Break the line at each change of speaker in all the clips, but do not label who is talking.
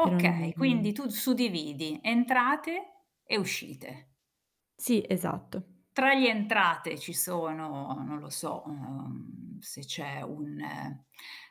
Per ogni
Quindi tu d suddividi: entrate e uscite.
Sì, esatto.
Tra gli entrate, ci sono, non lo so, uhm, se c'è un ehm,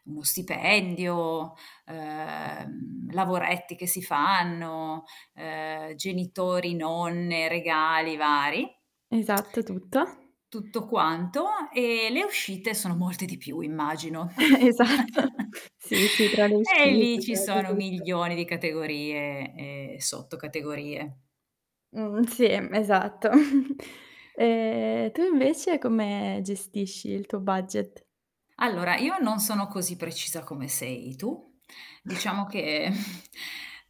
uno stipendio, ehm, lavoretti che si fanno, ehm, genitori, nonne, regali vari.
Esatto tutto.
Tutto quanto, e le uscite sono molte di più immagino.
Esatto. Sì, sì tra le
E lì
uscite,
ci
tra di
sono
tutto.
milioni di categorie e sottocategorie.
Mh, sì, mhmm, esatto. E tu invece come gestisci il tuo budget?
Allora, io non sono così precisa come sei tu, diciamo che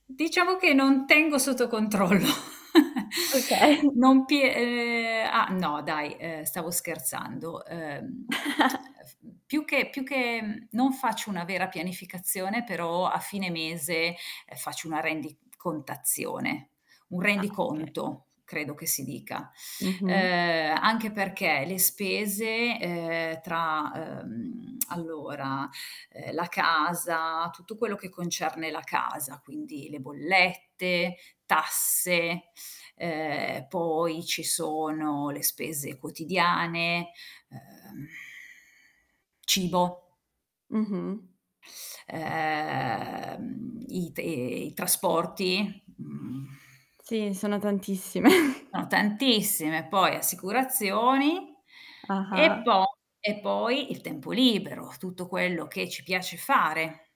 diciamo che non tengo sotto controllo.
Okay.
Non pie ehm ah, no dai, ehm, stavo, scherzando. Ehm eff mhmm, più che più che mhmm, non faccio una vera pianificazione, però a fine mese, ehm, faccio una rendicontazione, un
Ah, okay.
rendiconto, credo che si dica.
Mh-mh.
Ehm, anche perché, le spese, ehm, tra, ehm, allora, ehm, la casa, tutto quello che concerne la casa, quindi: le bollette, tasse, ehm, poi ci sono le spese quotidiane, ehm, cibo
Mh-mh.
ehm, i te ehm, i trasporti, mhmm
Sì, sono tantissime.
Sono tantissime, poi assicurazioni, e
Ah-ah.
poi e poi il tempo libero, tutto quello che ci piace fare.